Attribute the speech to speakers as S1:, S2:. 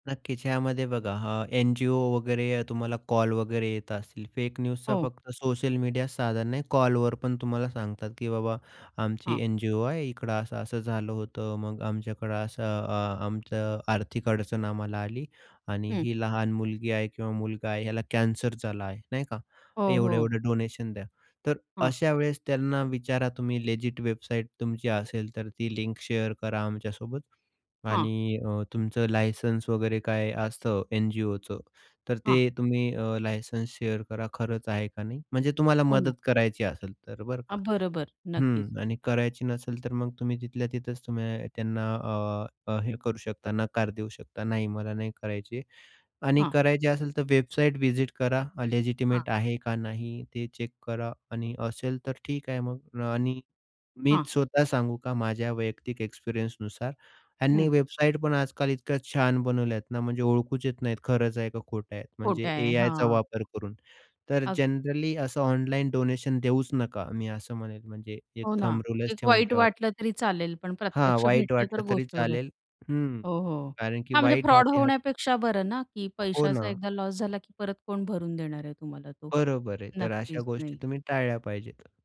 S1: नक्कीच, यामध्ये बघा हां, एन-जी-ओ वगैरे तुम्हाला कॉल वगैरे येत असतील. फेक न्यूजचा
S2: हो.
S1: फक्त सोशल मीडिया साधन नाही कॉलवर पण तुम्हाला सांगतात, की बाबा आमची
S2: हां.
S1: एन-जी-ओ आहे. इकडं असं-असं झालं होतं. मग आमच्याकडं असं अ, आमचं आर्थिक अडचण आम्हाला आली आणि
S2: हं.
S1: ही लहान मुलगी आहे किंवा मुलगा आहे, याला कॅन्सर झाला आहे, नाही का.
S2: हो, हो.
S1: एवढे-एवढे डोनेशन द्या. तर
S2: हां.
S1: अशा वेळेस त्यांना विचारा तुम्ही लेजिट वेबसाईट तुमची असेल तर ती लिंक शेअर करा आमच्यासोबत.
S2: हां.
S1: आणि अ, तुमचं लायसन्स वगैरे काय असतं, एन-जी-ओचं. तर ते
S2: हां.
S1: तुम्ही अ, लायसन्स शेअर करा. खरंच आहे का नाही? म्हणजे तुम्हाला
S2: हो ना.
S1: मदत करायची असेल तर बरं का.
S2: हां, बरोबर. नक्कीच.
S1: हं, आणि करायची नसेल तर मग तुम्ही तिथल्या तिथेच तुम्ही त्यांना अ, हे करू शकता, नकार देऊ शकता. नाही मला नाही करायची. आणि
S2: हां.
S1: करायची असेल तर वेबसाईट व्हिजिट करा.
S2: हां.
S1: लेजिटिमेट आहे का नाही? ते चेक करा. आणि असेल तर ठीक आहे मग. आणि
S2: हां.
S1: मीच स्वतः सांगू का माझ्या वैयक्तिक एक्सपिरियन्सनुसार, ह्यांनी
S2: हं.
S1: वेबसाईट पण आजकाल इतक्या छान बनवल्यात ना म्हणजे ओळखूच येत नाहीत, खरंच आहे का खोटं आहे?
S2: खोटं
S1: म्हणजे
S2: आहे.
S1: एआयचा
S2: हां.
S1: वापर करून. तर
S2: अगदीच.
S1: जनरली असं ऑनलाईन डोनेशन देऊच नका, मी असं म्हणेल म्हणजे एक
S2: हो, ना.
S1: थंब रूलच
S2: एक
S1: ठेवून
S2: वाईट
S1: ठेवा.
S2: वाटलं तरी चालेल, पण
S1: हां.
S2: प्रत्यक्ष
S1: वाईट
S2: भेटलं तर
S1: वाटलं तरी
S2: गोष्ट वेगळी.
S1: चालेल. हं.
S2: हो, हो.
S1: कारण की
S2: हां, म्हणजे
S1: वाईट
S2: फ्रॉड
S1: हाती हात
S2: होण्यापेक्षा बरं ना, की
S1: हो,
S2: पैशाचा
S1: ना.
S2: एकदा लॉस झाला, की परत कोण भरून देणार आहे तुम्हाला तो.
S1: बरोबर आहे. तर अशा
S2: नक्कीच
S1: गोष्टी
S2: नाही.
S1: तुम्ही टाळल्या पाहिजेत.